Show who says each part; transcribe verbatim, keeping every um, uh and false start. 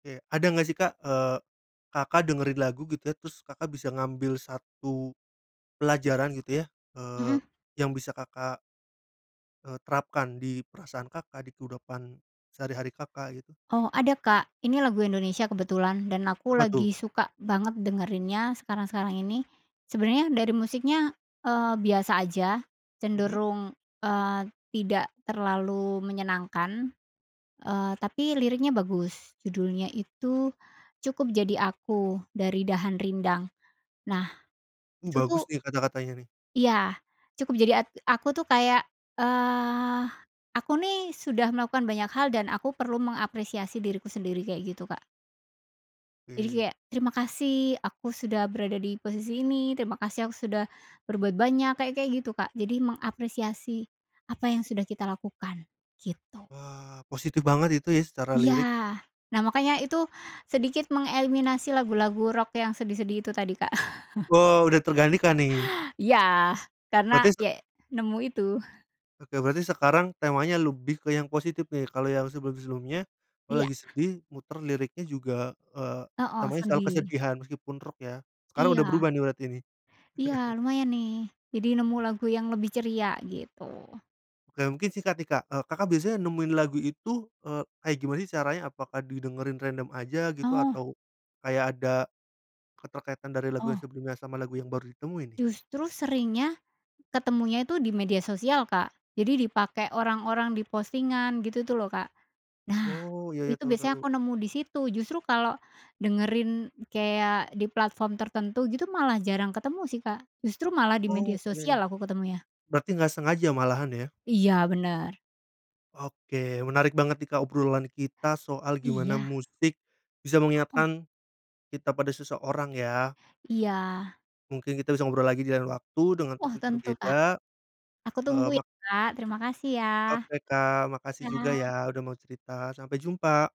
Speaker 1: Kayak, ada nggak sih Kak, eee, Kakak dengerin lagu gitu ya terus Kakak bisa ngambil satu pelajaran gitu ya, eee,
Speaker 2: Mhm.
Speaker 1: yang bisa Kakak eee, terapkan di perasaan Kakak, di kudopan sehari-hari, Kakak, gitu?
Speaker 2: Oh ada Kak, ini lagu Indonesia kebetulan dan aku
Speaker 1: Apa tuh?
Speaker 2: lagi suka banget dengerinnya sekarang-sekarang ini, sebenarnya dari musiknya, eee, biasa aja,
Speaker 1: Mhm.
Speaker 2: cenderung, eee, tidak terlalu menyenangkan, eee, tapi liriknya bagus. Judulnya itu, Cukup Jadi Aku dari Dahan Rindang, nah
Speaker 1: Uh,
Speaker 2: itu tuh
Speaker 1: bagus nih kata-katanya nih.
Speaker 2: Iya, "cukup jadi at aku" tuh kayak, eee, aku nih sudah melakukan banyak hal dan aku perlu mengapresiasi diriku sendiri kayak gitu, Kak. Jadi
Speaker 1: Mmm.
Speaker 2: kayak, terima kasih aku sudah berada di posisi ini. Terima kasih aku sudah berbuat banyak, kayak-kayak gitu, Kak. Jadi mengapresiasi apa yang sudah kita lakukan gitu.
Speaker 1: Wah, positif banget itu ya secara
Speaker 2: Iya.
Speaker 1: lirik.
Speaker 2: Nah makanya itu sedikit mengeliminasi lagu-lagu rock yang sedih-sedih itu tadi, Kak.
Speaker 1: Oh, udah tergantikan nih.
Speaker 2: Iya, karena
Speaker 1: Berarti se
Speaker 2: yek nemu itu.
Speaker 1: Oke, berarti sekarang temanya lebih ke yang positif nih. Kalau yang sebelum-sebelumnya, kalau
Speaker 2: Iya.
Speaker 1: lagi sedih muter liriknya juga, eee,
Speaker 2: Heeh,
Speaker 1: namanya selalu
Speaker 2: sedih.
Speaker 1: kesedihan meskipun rock ya. Sekarang udah
Speaker 2: Iya.
Speaker 1: berubah nih berarti nih?
Speaker 2: Iya, lumayan nih, jadi nemu lagu yang lebih ceria gitu.
Speaker 1: Oke, mungkin singkat nih Kak, eee, Kakak biasanya nemuin lagu itu, eee, kayak gimana sih caranya? Apakah didengerin random aja gitu
Speaker 2: Oh.
Speaker 1: atau kayak ada keterkaitan dari lagu yang
Speaker 2: Oh.
Speaker 1: sebelumnya sama lagu yang baru ditemui nih?
Speaker 2: Justru seringnya ketemunya itu di media sosial, Kak. Jadi dipakai orang-orang di postingan gitu tuh loh Kak. Nah,
Speaker 1: Oh ya ya,
Speaker 2: itu
Speaker 1: tahu
Speaker 2: biasanya
Speaker 1: tahu.
Speaker 2: aku nemu disitu, justru kalau dengerin kayak di platform tertentu gitu malah jarang ketemu sih Kak, justru malah di media
Speaker 1: Oh oke.
Speaker 2: sosial aku ketemunya.
Speaker 1: Berarti nggak sengaja malahan ya?
Speaker 2: Iya bener.
Speaker 1: Oke, menarik banget nih Kak obrolan kita soal gimana
Speaker 2: Iya.
Speaker 1: musik bisa
Speaker 2: Heeh.
Speaker 1: mengingatkan kita pada seseorang ya.
Speaker 2: Iya.
Speaker 1: Mungkin kita bisa ngobrol lagi di lain waktu dengan
Speaker 2: Wah
Speaker 1: topik
Speaker 2: tentu Kak.
Speaker 1: berbeda,
Speaker 2: Aku
Speaker 1: eee,
Speaker 2: tunggu
Speaker 1: mak
Speaker 2: ya Kak, terima kasih ya.
Speaker 1: Oke Kak. Makasih juga ya
Speaker 2: Iya.
Speaker 1: udah mau cerita. Sampai jumpa.